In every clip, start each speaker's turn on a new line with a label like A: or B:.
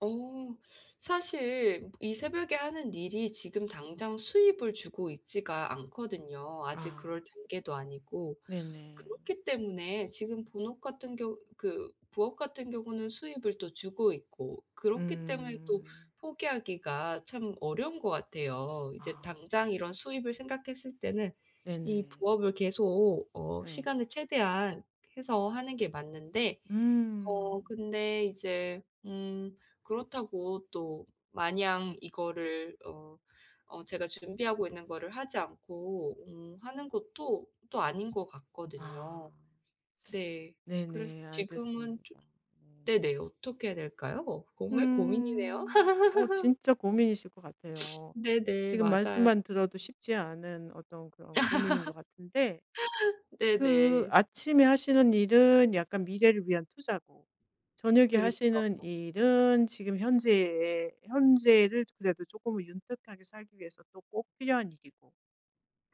A: 어 사실 이 새벽에 하는 일이 지금 당장 수입을 주고 있지가 않거든요 아직
B: 아.
A: 그럴 단계도 아니고.
B: 네네.
A: 그렇기 때문에 지금 본업 같은 경우 그 부업 같은 경우는 수입을 또 주고 있고 그렇기 때문에
B: 음.
A: 또 포기하기가 참 어려운 것 같아요. 이제
B: 아.
A: 당장 이런 수입을 생각했을 때는 이
B: 네네.
A: 부업을 계속 어
B: 네.
A: 시간을 최대한 해서 하는 게 맞는데
B: 음.
A: 어 근데 이제 음 그렇다고 또 마냥 이거를 어 어 제가 준비하고 있는 거를 하지 않고 음 하는 것도 또 아닌 것
B: 아.
A: 같거든요. 네. 그래서
B: 네네. 알겠습니다.
A: 지금은 좀
B: 네.
A: 네네. 어떻게 해야 될까요? 정말 고민이네요.
B: 음. 어 진짜 고민이실 것 같아요.
A: 네네
B: 지금
A: 맞아요.
B: 말씀만 들어도 쉽지 않은 어떤 그런 고민인 것 같은데 그
A: 네네.
B: 아침에 하시는 일은 약간 미래를 위한 투자고 저녁에 하시는
A: 그렇죠.
B: 일은 지금 현재에 현재를 그래도 쪼끔은 윤택하게 살기 위해서 또 꼭 필요한 일이고.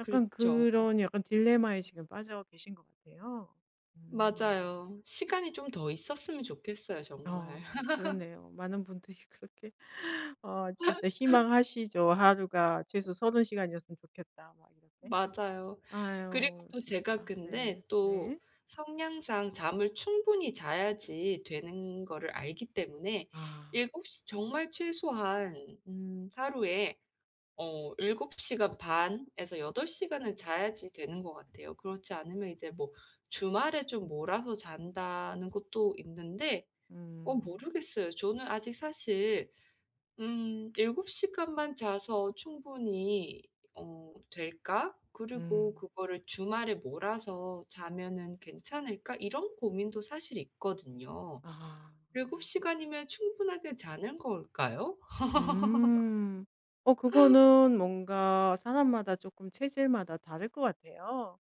B: 약간
A: 그렇죠.
B: 그런 약간 딜레마에 지금 빠져 계신 것 같아요. 음.
A: 맞아요. 시간이 좀 더 있었으면 좋겠어요 정말.
B: 어 그렇네요. 많은 분들이 그렇게 어 진짜 희망하시죠. '하루가 최소 30 시간이었으면 좋겠다.' 막 이렇게.
A: 맞아요. 그리고
B: 아유,
A: 또 제가
B: 진짜.
A: 근데
B: 네.
A: 또
B: 네.
A: 성향상 잠을 충분히 자야지 되는 거를 알기 때문에
B: 아.
A: 7 시 정말 최소한 음 하루에 어 7 시간 반에서 8 시간을 자야지 되는 것 같아요. 그렇지 않으면 이제 뭐 주말에 좀 몰아서 잔다는 것도 있는데 어
B: 음.
A: 모르겠어요. 저는 아직 사실 음 '7 시간만 자서 충분히 어 될까? 그리고
B: 음.
A: 그거를 주말에 몰아서 자면은 괜찮을까?' 이런 고민도 사실 있거든요.
B: 아.
A: 7 시간이면 충분하게 자는 걸까요?
B: 음. 어 그거는 뭔가 사람마다 쪼끔 체질마다 다를 것 같아요.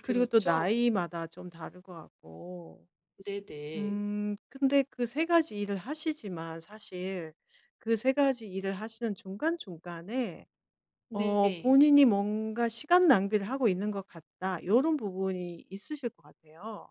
B: 그리고 또
A: 그렇죠.
B: 나이마다 좀 다를 것 같고.
A: 네네.
B: 음 근데 그 3 가지 일을 하시지만 사실 그 3 가지 일을 하시는 중간중간에 어
A: 네.
B: 본인이 뭔가 '시간 낭비를 하고 있는 것 같다.' 요런 부분이 있으실 것 같아요.